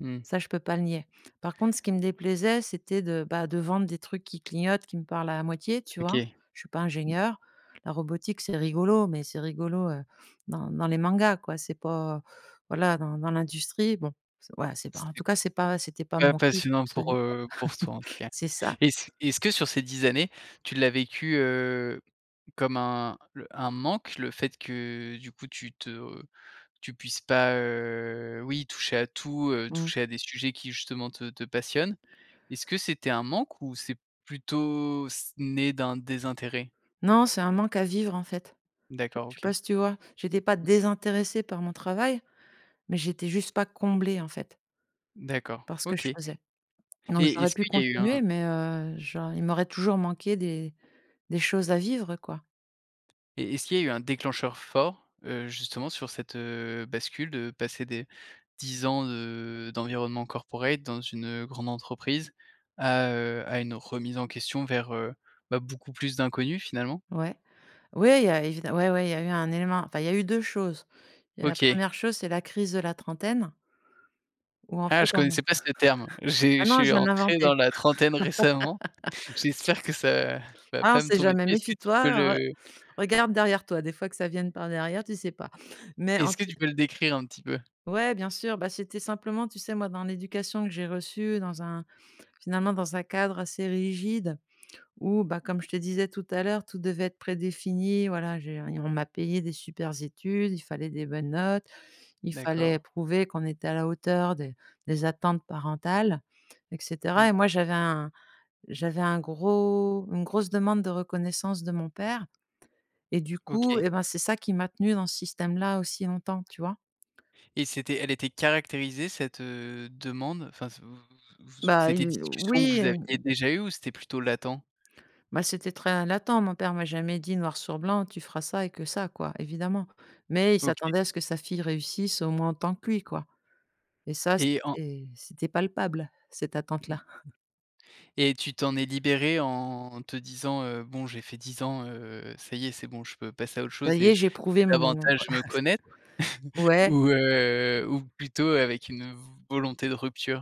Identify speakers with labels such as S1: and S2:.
S1: Mmh.
S2: Ça, je peux pas le nier. Par contre, ce qui me déplaisait, c'était de, bah, de vendre des trucs qui clignotent, qui me parlent à moitié, tu vois?
S1: OK.
S2: Je suis pas ingénieure. La robotique, c'est rigolo, mais c'est rigolo, heu, dans dans les mangas, quoi. C'est pas voilà, dans dans l'industrie. Bon, c'est voilà, c'est pas
S1: C'est
S2: en tout cas, c'est pas c'était pas
S1: pas
S2: mon kiff
S1: passionnant pour,
S2: absolu, quoi
S1: heu, pour toi, en tout cas.
S2: C'est ça.
S1: Est-ce est-ce que sur ces 10 années, tu l'as vécu, heu, comme un l un manque, le fait que, du coup, tu te tu puisses pas, heu, oui, toucher à tout, heu,
S2: Mmh.
S1: toucher à des sujets qui, justement, te te passionnent? Est-ce que c'était un manque ou c'est plutôt c né d'un désintérêt?
S2: Non, c'est un manque à vivre, en fait. Je
S1: D'accord,
S2: je sais pas,
S1: OK.
S2: si tu vois? J'étais pas
S1: Mmh.
S2: désintéressée par mon travail, mais j'étais juste pas comblée, en fait
S1: D'accord,
S2: par ce que je
S1: OK
S2: faisais, donc
S1: Et
S2: j'aurais
S1: est-ce
S2: pu
S1: qu'il y a eu un
S2: continuer, mais heu, je il m'aurait toujours manqué des des choses à vivre, quoi.
S1: Et est-ce qu'il y a eu un déclencheur fort, heu, justement, sur cette, heu, bascule, de passer des 10 ans de d'environnement corporate dans une, heu, grande entreprise, à, heu, à une remise en question vers, heu, bah, beaucoup plus d'inconnu, finalement.
S2: Ouais, ouais, il y a évide ouais, ouais, il y a eu un élément. Enfin, il y a eu 2 choses. Il y a la
S1: OK.
S2: 1re chose, c'est la crise de la trentaine où en
S1: Ah,
S2: fait,
S1: je
S2: on
S1: connaissais pas ce terme,
S2: Ah
S1: j'ai je
S2: non, je
S1: suis
S2: viens de
S1: entré
S2: l'inventer.
S1: dans la trentaine récemment. J'espère que ça va
S2: Ah, on
S1: pas me
S2: sait
S1: tomber dessus.
S2: jamais,
S1: Est-ce que tu
S2: méfie-toi,
S1: peux
S2: re
S1: le
S2: regarde derrière toi, des fois, que ça vienne par derrière, tu sais pas, mais en
S1: est-ce que
S2: tout
S1: tu
S2: c
S1: peux le décrire un petit peu?
S2: Ouais, bien sûr, bah, c'était simplement, tu sais, moi, dans l'éducation que j'ai reçue dans un finalement, dans un cadre assez rigide où, bah, comme je te disais tout à l'heure, tout devait être prédéfini, voilà, je veux dire, on m'a payé des super études, il fallait des bonnes notes, il
S1: D'accord.
S2: fallait prouver qu'on était à la hauteur des des attentes parentales, et cetera,
S1: Mmh.
S2: et moi j'avais un j'avais un gros une grosse demande de reconnaissance de mon père, et du coup,
S1: OK.
S2: eh ben, c'est ça qui m'a tenue dans ce système là aussi longtemps, tu vois?
S1: Et c'était elle était caractérisée, cette, heu, demande, enfin, s vous vous vous s
S2: Bah
S1: c'était une
S2: il
S1: discussion que
S2: oui,
S1: vous
S2: hem
S1: aviez
S2: d
S1: déjà eue, ou c'était plutôt latent?
S2: Bah, c'était très latent. Mon père m'a jamais dit noir sur blanc: «Tu feras ça et que ça», quoi, évidemment, mais il
S1: OK.
S2: s'attendait à ce que sa fille réussisse au moins autant que lui, quoi, et ça,
S1: Et en
S2: c'était c'était palpable, cette attente là.
S1: Et tu t'en es libérée en te disant, heu: «Bon, j'ai fait 10 ans, heu, ça y est, c'est bon, je peux passer à autre
S2: Ça
S1: chose
S2: y est,
S1: et
S2: j'ai
S1: et
S2: prouvé mon
S1: davantage me connaître»
S2: ouais.
S1: ou heu, ou plutôt avec une, heu, v volonté de rupture?